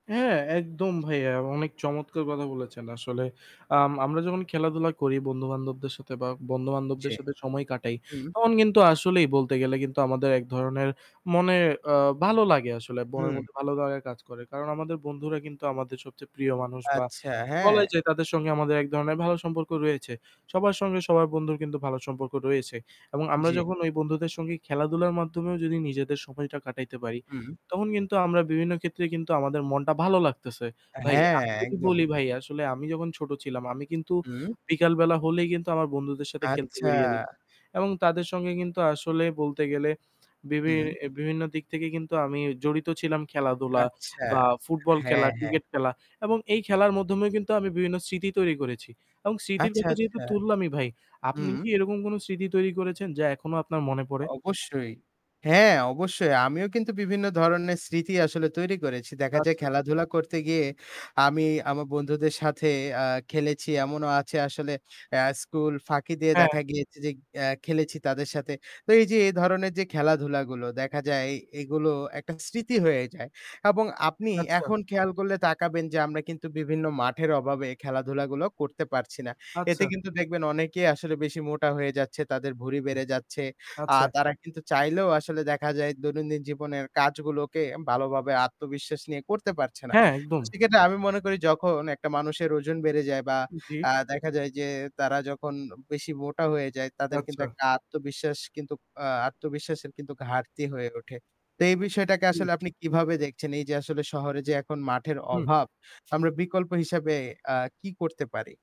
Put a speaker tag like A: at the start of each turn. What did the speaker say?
A: হ্যাঁ, একদম ভাইয়া। অনেক চমৎকার কথা বলেছেন। আসলে আম আমরা যখন খেলাধুলা করি বন্ধু-বান্ধবদের সাথে বা
B: জি।
A: বন্ধু-বান্ধবদের সাথে সময় কাটাই,
B: হুম।
A: তখন কিন্তু আসলেই বলতে গেলে কিন্তু আমাদের এক ধরনের মনে ভালো আ লাগে আসলে। বনের
B: হুম।
A: মধ্যে ভালো কাজ করে। কারণ আমাদের বন্ধুরা কিন্তু আমাদের সবচেয়ে প্রিয় মানুষ বা
B: আচ্ছা, হ্যাঁ।
A: বলাই যায় তাদের সঙ্গে আমাদের এক ধরনের ভালো সম্পর্ক রয়েছে। সবার সঙ্গে সবার বন্ধুর কিন্তু ভালো সম্পর্ক রয়েছে এবং আমরা
B: জি।
A: যখন ওই বন্ধুদের সঙ্গে খেলাধুলার মাধ্যমেও যদি নিজেদের সময়টা কাটাইতে পারি,
B: হুম।
A: তখন কিন্তু আমরা বিভিন্ন ক্ষেত্রে কিন্তু আমাদের মনটা ভালো লাগতেছে। ভাই,
B: হ্যাঁ,
A: আমি যদি
B: একদম।
A: বলি ভাই আসলে আমি যখন ছোট ছিলাম, আমি কিন্তু
B: হুম।
A: বিকালবেলা হলেই কিন্তু আমার বন্ধুদের সাথে খেলতে
B: আচ্ছা।
A: বেরিয়ে যেতাম। এবং তাদের সঙ্গে কিন্তু আসলেই বলতে গেলে বিভিন
B: হুম।
A: বিভিন্ন দিক থেকে কিন্তু আমি জড়িত ছিলাম খেলাধুলা
B: আচ্ছা,
A: বা ফুটবল খেলা,
B: হ্যাঁ, হ্যাঁ।
A: ক্রিকেট খেলা এবং এই খেলার মধ্যমেই কিন্তু আমি বিভিন্ন স্মৃতি তৈরি করেছি। এবং স্মৃতির
B: আচ্ছা,
A: কথা যেহেতু
B: আচ্ছা।
A: তুললামই ভাই, আপনি
B: হুম।
A: কি এরকম কোনো স্মৃতি তৈরি করেছেন যা এখনো আপনার মনে পড়ে?
B: অবশ্যই। হ্যাঁ, অবশ্যই। আমিও কিন্তু বিভিন্ন ধরনের স্মৃতি আসলে তৈরি করেছি। দেখা যায়
A: আচ্ছা।
B: খেলাধুলা করতে গিয়ে আমি আমার বন্ধুদের সাথে আ খেলেছি। এমনও আছে আসলে অ্যা স্কুল ফাঁকি দিয়ে
A: হ্যাঁ।
B: দেখা গিয়েছে যে অ্যা খেলেছি তাদের সাথে। তো এই যে এ ধরণের যে খেলাধুলাগুলো, দেখা যায় এ এগুলো একটা স্মৃতি হয়ে যায়। এবং আপনি
A: আচ্ছা।
B: এখন খেয়াল করলে তাকাবেন যে আমরা কিন্তু বিভিন্ন মাঠের অভাবে খেলাধুলাগুলো করতে পারছি না। এতে
A: আচ্ছা।
B: কিন্তু দেখবেন অনেকেই আসলে বেশি মোটা হয়ে যাচ্ছে। তাদের ভুড়ি বেড়ে যাচ্ছে। আ
A: আচ্ছা।
B: তারা কিন্তু চাইলেও আসলে দেখা যায় দৈনন্দিন জীবনের কাজগুলোকে ভালোভাবে আত্মবিশ্বাস নিয়ে করতে পারছে না।
A: হ্যাঁ, একদম।
B: সেক্ষেত্রে আমি মনে করি যখন একটা মানুষের ওজন বেড়ে যায় বা
A: জি।
B: আ দেখা যায় যে তারা যখন বেশি মোটা হয়ে যায়, তাদের কিন্তু
A: আচ্ছা।
B: একটা আত্মবিশ্বাস কিন্তু আ আত্মবিশ্বাসের কিন্তু ঘাটতি হয়ে ওঠে। তো এই বিষয়টাকে
A: হুম।
B: আসলে আপনি কীভাবে দেখছেন? এই যে আসলে শহরে যে এখন মাঠের
A: হুম।
B: অভাব, আমরা বিকল্প হিসাবে অ্যা কী করতে পারি?